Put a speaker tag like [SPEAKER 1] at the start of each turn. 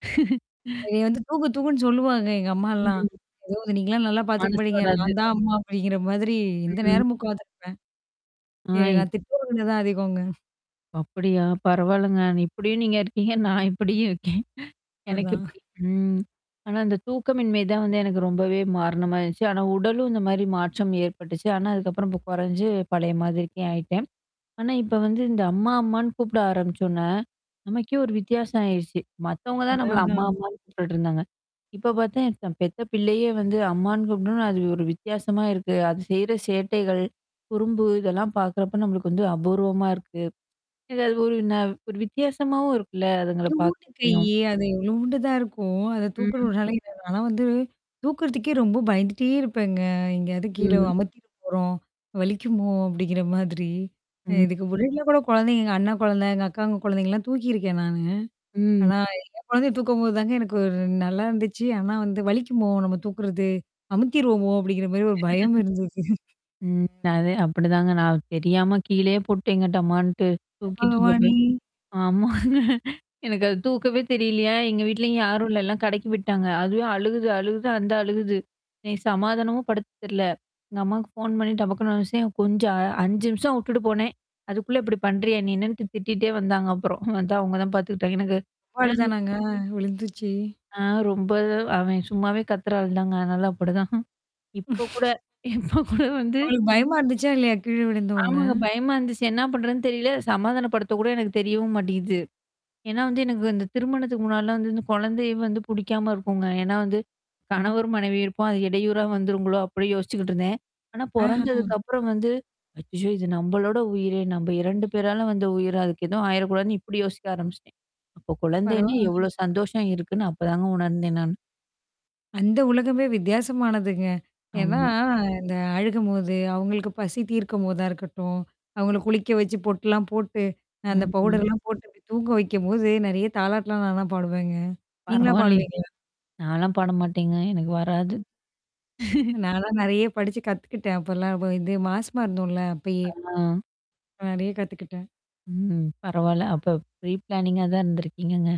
[SPEAKER 1] என்னைய வந்து தூக்கு தூக்குன்னு சொல்லுவாங்க எங்க அம்மாலாம்.
[SPEAKER 2] ம்.
[SPEAKER 1] ஐயோ! நீங்கலாம் நல்லா பார்த்துக்க
[SPEAKER 2] மனசு
[SPEAKER 1] மாட்டீங்க.
[SPEAKER 2] வராது.
[SPEAKER 1] நான் தான் அம்மா அப்படிங்கிற மாதிரி எந்த
[SPEAKER 2] ம்.
[SPEAKER 1] நேரம் உட்கார்ந்துருப்பேன்.
[SPEAKER 2] ஆ.
[SPEAKER 1] எ
[SPEAKER 2] இப்
[SPEAKER 1] நான் திட்டவாங்குனது தான் அதிகங்க.
[SPEAKER 2] அப்படியா பரவாலங்க இப்படியும் நீங்க இருக்கீங்க. நான் இப்படியும் இருக்கேன். எனக்கு
[SPEAKER 1] அதான்.
[SPEAKER 2] இப்டி ம். ஆனா, இந்த தூக்கமின்மை தான் வந்து எனக்கு ரொம்பவே காரணமாயிருச்சு ஆனா, உடலும் இந்த மாரி மாற்றம் ஏற்பட்டுச்சு. ஆனா, அதுக்கப்புறம் இப்ப குறைஞ்சு பழைய மாதிரிக்கே ஆயிட்டேன். ஆனா, இப்ப வந்து, இந்த அம்மா அம்மான்னு கூப்பிட ஆரம்பிச்சோனே, நமக்கே ஒரு வித்தியாசம் ஆயிருச்சு. மத்தவங்க தான்
[SPEAKER 1] அதான்,
[SPEAKER 2] நம்மள அம்மா
[SPEAKER 1] அதான்.
[SPEAKER 2] அம்மான்னு கூட்டுட்டுருந்தாங்க. இப்ப பார்த்தா, பெத்த பிள்ளையே வந்து அம்மான்னு கூப்ட்னோனா அது ஒரு வித்தியாசமா இருக்கு. அது செய்ற சேட்டைகள். குறும்பு இதெல்லாம் பார்க்கறப்ப நம்மளுக்கு வந்து அபூர்வமா இருக்கு. எதாவது ஒரு ந ஒரு வித்தியாசமாவும் இருக்குல்ல அதுங்கள
[SPEAKER 1] இத்தூன்டு
[SPEAKER 2] பார்கறப்பயும்.
[SPEAKER 1] கையி, அது இவ்ளூண்டு தான் இருக்கும். அத
[SPEAKER 2] ம்
[SPEAKER 1] தூக்கறனால ஆனா வந்து தூக்குறதுக்கே ரொம்ப பயந்துட்டே இருப்பேங்க. எங்கேயாவது கீழ
[SPEAKER 2] ம்.
[SPEAKER 1] அமித்திற போறோம். வலிக்குமோ! அப்படிங்கிற மாதிரி. அ,
[SPEAKER 2] ம்.
[SPEAKER 1] இதுக்கு முன்னாடியிலாம் கூட குழந்தைங்க எங்க அண்ணா குழந்தை, எங்க அக்காங்க குழந்தைங்கலாம் தூக்கியிருக்கேன் நானு.
[SPEAKER 2] ம்.
[SPEAKER 1] ஆனா என் குழந்தைய தூக்கும்போது தாங்க எனக்கு நல்லா இருந்துச்சு. ஆனா வந்து வலிக்குமோ நம்ம தூக்குறது, அமுத்திருவோமோ அப்படிங்கிற மாரி ஒரு பயம் இருந்தது.
[SPEAKER 2] ம். அது அப்படிதாங்க. நான் தெரியாம கீழயே போட்டேங்க டமான்ட்டு தூக்கிட்டு இருக்கப்ப.
[SPEAKER 1] பகவானே.
[SPEAKER 2] ஆமாங்க. எனக்கு அது தூக்கவே தெரியலையா? எங்க வீட்லயும் யாரும் இல்லல்ல கடைக்கி போய்ட்டாங்க. அதுவே அழுகுது அழுகுது அந்த அழுகுது. எனக்கு சமாதானமும் படுத்த தெரில. எங்க அம்மாவுக்கு ஃபோன் பண்ணி டப்பக்கனு வெச்சேன் கொஞ்சம் அ 5 நிமிஷம் விட்டுட்டு போனேன். அதுக்குள்ள இப்டி பண்றியா? நீனு திட்டிட்டே வந்தாங்க அப்புறம். அதான் அவங்க தான் பார்த்துக்கிட்டாங்க. எனக்கு. [unintelligible]
[SPEAKER 1] அவ்ளோதானங்க விழுந்துச்சி.
[SPEAKER 2] ஆ, ரொம்ப அவன் சும்மாவே கத்துற ஆள் தாங்க. அதனால அப்படிதான். இப்ப கூட இப்ப கூட வந்து
[SPEAKER 1] அவளுக்கு பயமா இருந்துச்சா? இல்லையா? கீழ விழுந்தோன்ன.
[SPEAKER 2] ஆமாங்க. பயமா இருந்துச்சு. என்ன பண்றதுன்னு தெரியல. சமாதானப்படுத்த கூட எனக்கு தெரியவும் மாட்டிகிது. ஏன்னா வந்து எனக்கு இந்த திருமணத்துக்கு முன்னாடிலாம் வந்து இந்த குழந்தையே வந்து புடிக்காம இருக்குங்க. ஏன்னா வந்து. கணவர் மனைவியும் இருப்போம். அது இடையூற வந்துருங்களோ அப்டி யோசிச்சுக்கிட்டு இருந்தேன். ஆனா
[SPEAKER 1] ஆஹ.
[SPEAKER 2] பொறந்ததுக்குப்புறம் வந்து. அச்சச்சோ! இது நம்பளோட உயிரே! நம்ப 2 பேரால வந்த உயிரு. அதுக்கு எதுவும் ஆயிரக்கூடாதுன்னு இப்படி யோசிக்க ஆரம்பிச்சிட்டேன். அப்ப குழந்தைன்னு
[SPEAKER 1] பரவாலங்க
[SPEAKER 2] எவ்ளோ சந்தோஷம் இருக்குன்னு அப்பதாங்க உணர்ந்தேன் நானு.
[SPEAKER 1] அந்த உலகமே வித்தியாசமானதுங்க. ஏன்னா
[SPEAKER 2] ஆமா.
[SPEAKER 1] இந்த அழுகும்போது, அவங்களுக்கு பசி தீர்க்கும்போதா இருக்கட்டும். அவங்கள குளிக்க வச்சு பொட்டுலாம் போட்டு அந்த
[SPEAKER 2] ம்ஹ்ம்.
[SPEAKER 1] பவுடர்லாம் போட்டு போய் தூங்க வெக்கும்போது நெறைய தாலாட்லாம் நான் தான் பாடுவேங்க. நீங்கலாம்
[SPEAKER 2] பரவால்லயே.
[SPEAKER 1] பாடுவீங்களா?
[SPEAKER 2] நான்லாம் பாட மாட்டேங்க எனக்கு வராது.
[SPEAKER 1] ம். நான்லாம் நெறைய படிச்சு கத்துக்கிட்டேன். அப்பலாம் இப்ப இது மாசமா இருந்தோம்ல அப்பயே.
[SPEAKER 2] ஆ.
[SPEAKER 1] நெறைய கத்துக்கிட்டேன்.
[SPEAKER 2] ம். பரவால்ல. அப்ப ஃப்ரீ பிளானிங்கா தான் இருந்திருக்கீங்கங்க.